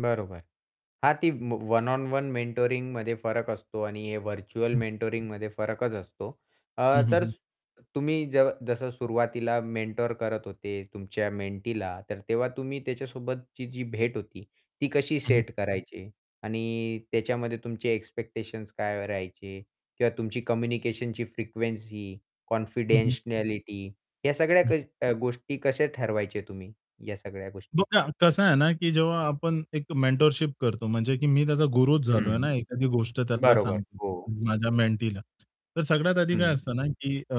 बरोबर हां ती वन ऑन वन मेंटोरिंगमध्ये फरक असतो आणि हे व्हर्चुअल मेंटोरिंगमध्ये फरकच असतो. अ, हं, हं, तर हं. तुम्ही ज जसं सुरुवातीला मेंटर करत होते तुमच्या मेंटीला तर तेव्हा तुम्ही त्याच्यासोबतची जी भेट होती ती कशी हं. सेट करायचे आणि त्याच्यामध्ये तुमचे एक्स्पेक्टेशन्स काय राहायचे किंवा तुमची कम्युनिकेशनची फ्रिक्वेन्सी, हं, हं. कॉन्फिडेन्शियलिटी या सगळ्या हं. क गोष्टी कशा ठरवायचे तुम्ही, या सगळ्या गोष्टी? बघा कसं आहे ना की जेव्हा आपण एक मेंटरशिप करतो म्हणजे की मी त्याचा गुरुच झालोय ना हं. एखादी गोष्ट त्याला बरोबर, सांगतो हो. माझ्या मेंटीला. तर सगळ्यात आधी काय हं. असतं ना की अ,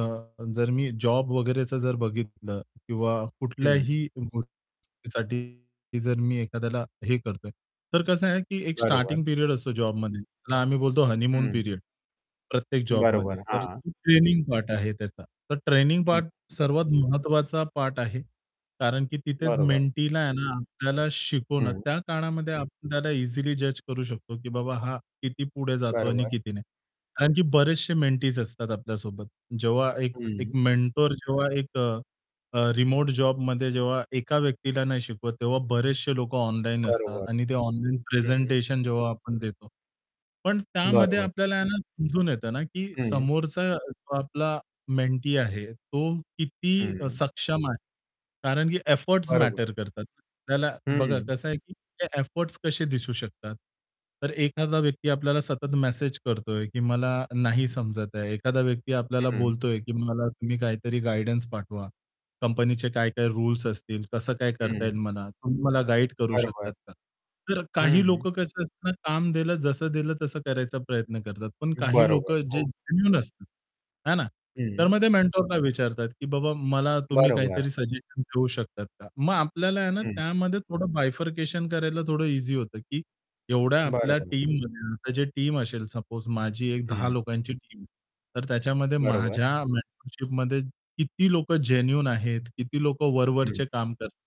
जर मी जॉब वगैरेचं जर बघितलं किंवा हं. कुठल्याही गोष्टीसाठी जर मी एखाद्याला हे करतोय, तर कसं आहे की एक बरोबर. स्टार्टिंग पिरियड असतो जॉबमध्ये त्याला आम्ही बोलतो हनीमून हं. पिरियड प्रत्येक बरोबर, जॉबमध्ये. तर हां. ट्रेनिंग पार्ट आहे त्याचा. तर ट्रेनिंग हं. पार्ट सर्वात महत्वाचा पार्ट आहे. कारण की तिथेच बरोबर. मेंटीला आहे ना आपल्याला शिकवणं हं. त्या काळामध्ये आपल्याला इझिली जज करू शकतो, की बाबा हा किती पुढे जातो आणि बरोबर. किती नाही. कारण की बरेचशे मेंटीज. असतात आपल्यासोबत जेव्हा एक एक हं. मेंटर. जेव्हा एक अ, रिमोट जॉबमध्ये जेव्हा एका व्यक्तीला नाही शिकवत तेव्हा बरेचसे लोकं ऑनलाईन असतात बरोबर. आणि ते ऑनलाईन हं. प्रेझेंटेशन जेव्हा आपण देतो. पण त्यामध्ये बरोबर. आपल्याला ना समजून येतं ना, की हं. समोरचा जो आपला मेंटी आहे तो किती हं. सक्षम आहे. कारण की एफोर्ट्स बरोबर. मॅटर करतात. त्याला बघा हं. कसं आहे, की ते एफोर्ट्स कसे दिसू शकतात. तर एखादा व्यक्ती आपल्याला सतत मेसेज करतोय, की मला नाही समजत आहे. एखादा व्यक्ती आपल्याला हं. बोलतोय, की "मला तुम्ही काहीतरी गाईडन्स पाठवा कंपनीचे काय-काय रुल्स असतील, कसं काय करता येईल हं. मला तुम्ही मला गाईड करू बरोबर. शकतात का?" तर काही हं. लोकं कसं असतात काम दिलं, जसं दिलं तसं करायचा प्रयत्न करतात. पण काही बरोबर. लोकं जे हो. जेन्युइन असतात. है ना? तर हं. मग ते मेंटरला विचारतात, की बाबा मला तुम्ही बरोबर. काहीतरी सजेशन देऊ शकतात का? मग आपल्याला आहे ना हं. त्यामध्ये थोडं बायफरकेशन करायला थोडं ईझी होतं, की एवढ्या आपल्या बरोबर. [unintelligible] आता जे टीम असेल सपोज माझी एक 10 हं. लोकांची टीम तर त्याच्यामध्ये बरोबर. माझ्या मेंटरशिपमध्ये किती लोकं जेन्युइन आहेत, किती लोकं हं. वरवरचे काम करतात.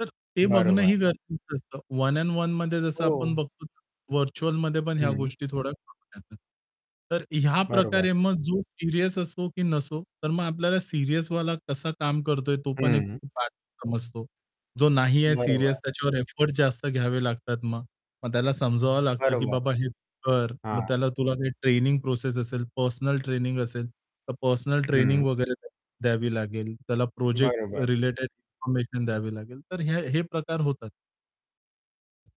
तर ते बरोबर. बघणंही गरजेचं असतं. वन अँड वनमध्ये जसं आपण हो. बघतो व्हर्चुअलमध्ये पण ह्या हं. गोष्टी थोड्या करतात. तर ह्या बरोबर. प्रकारे मग जो सीरियस असो की नसो तर मग आपल्याला सीरियसवाला कसा काम करतोय तो पण एक हं. पार्ट समजतो. जो नाही आहे सीरियस बरोबर. त्याच्यावर एफर्ट जास्त घ्यावे लागतात मग, मग त्याला समजावावं लागतं की बरोबर. बाबा हे कर मग हां. त्याला तुला काही ट्रेनिंग प्रोसेस असेल, पर्सनल ट्रेनिंग असेल, तर पर्सनल ट्रेनिंग हं. वगैरे द्यावी लागेल. त्याला प्रोजेक्ट बरोबर. रिलेटेड इन्फॉर्मेशन द्यावी लागेल तर ह्या हे प्रकार होतात.